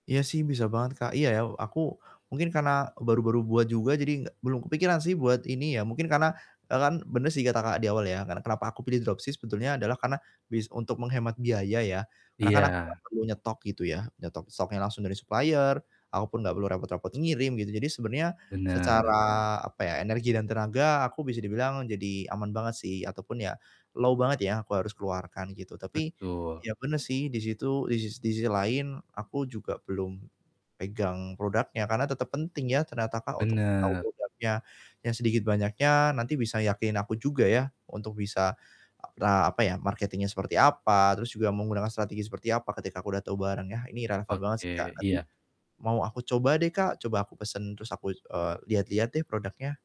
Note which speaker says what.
Speaker 1: Iya sih bisa banget Kak. Iya ya aku mungkin karena baru-baru buat juga, jadi nggak belum kepikiran sih buat ini ya, mungkin karena e kan benar sih kata Kakak di awal ya, karena kenapa aku pilih dropship sebetulnya adalah karena bis untuk menghemat biaya ya, karena kan aku gak
Speaker 2: Iya.
Speaker 1: perlu nyetok gitu ya. Nyetok stoknya langsung dari supplier, aku pun gak perlu repot-repot e ngirim gitu, jadi sebenarnya secara
Speaker 2: Bener.
Speaker 1: apa ya, energi dan tenaga aku bisa dibilang jadi aman banget sih ataupun ya low banget ya, aku harus keluarkan gitu, tapi
Speaker 2: Betul.
Speaker 1: ya benar sih di situ di sis di sisi lain aku juga belum pegang produknya, karena tetap penting ya, ternyata Kak, untuk tahu
Speaker 2: Bener.
Speaker 1: produknya, yang sedikit banyaknya nanti bisa yakinin aku juga ya, untuk bisa, a apa ya marketing-nya seperti apa, terus juga menggunakan strategi seperti apa, ketika aku udah tahu barengnya, ini relevan banget sih Kak.
Speaker 2: Oke,
Speaker 1: Nanti
Speaker 2: iya.
Speaker 1: mau aku coba deh Kak. Coba aku pesen terus aku, eee, lihat-lihat deh produknya.